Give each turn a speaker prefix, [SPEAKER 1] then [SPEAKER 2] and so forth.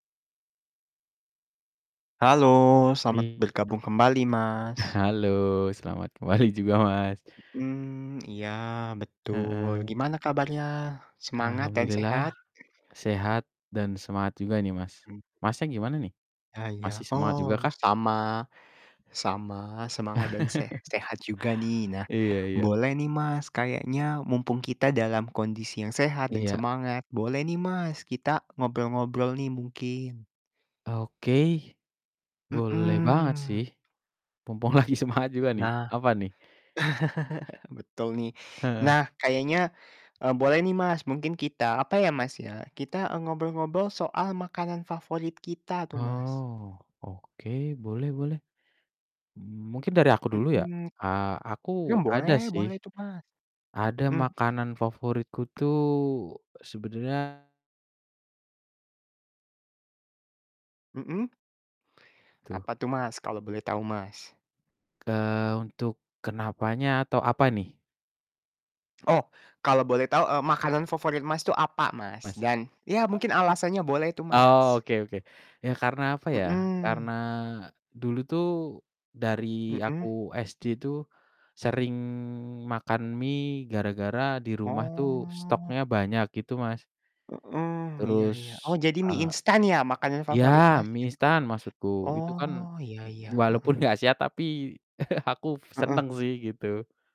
[SPEAKER 1] Halo selamat
[SPEAKER 2] Iya,
[SPEAKER 1] bergabung kembali, Mas.
[SPEAKER 2] halo selamat kembali juga, Mas.
[SPEAKER 1] Mhm, iya betul,
[SPEAKER 2] Heeh.
[SPEAKER 1] gimana kabarnya? Semangat dan sehat?
[SPEAKER 2] Alhamdulillah, sehat dan semangat juga nih Mas,
[SPEAKER 1] Mmm.
[SPEAKER 2] Masnya gimana nih?
[SPEAKER 1] Ah, iya,
[SPEAKER 2] Masih semangat juga
[SPEAKER 1] oh
[SPEAKER 2] kah?
[SPEAKER 1] sama, sama semangat dan sehat-sehat juga nih. Nah,
[SPEAKER 2] Iya iya.
[SPEAKER 1] boleh nih Mas, kayaknya mumpung kita dalam kondisi yang sehat dan
[SPEAKER 2] Iya.
[SPEAKER 1] semangat, boleh nih Mas, kita ngobrol-ngobrol nih mungkin.
[SPEAKER 2] Oke, boleh banget
[SPEAKER 1] Mhm.
[SPEAKER 2] sih, mumpung lagi semangat juga nih,
[SPEAKER 1] Nah,
[SPEAKER 2] apa nih?
[SPEAKER 1] betul nih.
[SPEAKER 2] Heeh.
[SPEAKER 1] Nah kayaknya, eee, boleh nih Mas, mungkin kita apa ya Mas, ya, kita, eee, ngobrol-ngobrol soal makanan favorit kita tuh, Mas.
[SPEAKER 2] Oh oke, boleh boleh, mungkin dari aku dulu ya,
[SPEAKER 1] Mhm,
[SPEAKER 2] eee,
[SPEAKER 1] ya
[SPEAKER 2] aku ada
[SPEAKER 1] boleh,
[SPEAKER 2] sih,
[SPEAKER 1] boleh tuh Mas,
[SPEAKER 2] ada
[SPEAKER 1] mhm.
[SPEAKER 2] makanan favoritku tuh sebenernya
[SPEAKER 1] Mhm.
[SPEAKER 2] Tuh.
[SPEAKER 1] Apa tuh Mas, kalo boleh tau, Mas?
[SPEAKER 2] Eee, untuk kenapanya atau apa nih?
[SPEAKER 1] Oh kalo boleh tau, eee, makanan favorit Mas tuh apa, Mas?
[SPEAKER 2] Mas.
[SPEAKER 1] Dan ya
[SPEAKER 2] E
[SPEAKER 1] mungkin alasannya boleh tuh, Mas.
[SPEAKER 2] Oke oke, ya karena apa ya, karena
[SPEAKER 1] Mhm.
[SPEAKER 2] dulu tuh, dari aku
[SPEAKER 1] Mhm.
[SPEAKER 2] SD tuh, sering makan mie gara-gara di rumah tuh
[SPEAKER 1] Oh.
[SPEAKER 2] stoknya banyak gitu, Mas.
[SPEAKER 1] Heeh, iya
[SPEAKER 2] Terus,
[SPEAKER 1] iya, oh jadi mie
[SPEAKER 2] eee
[SPEAKER 1] instan ya makanan favorit
[SPEAKER 2] ya
[SPEAKER 1] Mas, ya,
[SPEAKER 2] mie instan maksudku, itu kan
[SPEAKER 1] oh iya iya, heeh.
[SPEAKER 2] walaupun gak sehat tapi aku
[SPEAKER 1] Heeh.
[SPEAKER 2] seneng sih gitu.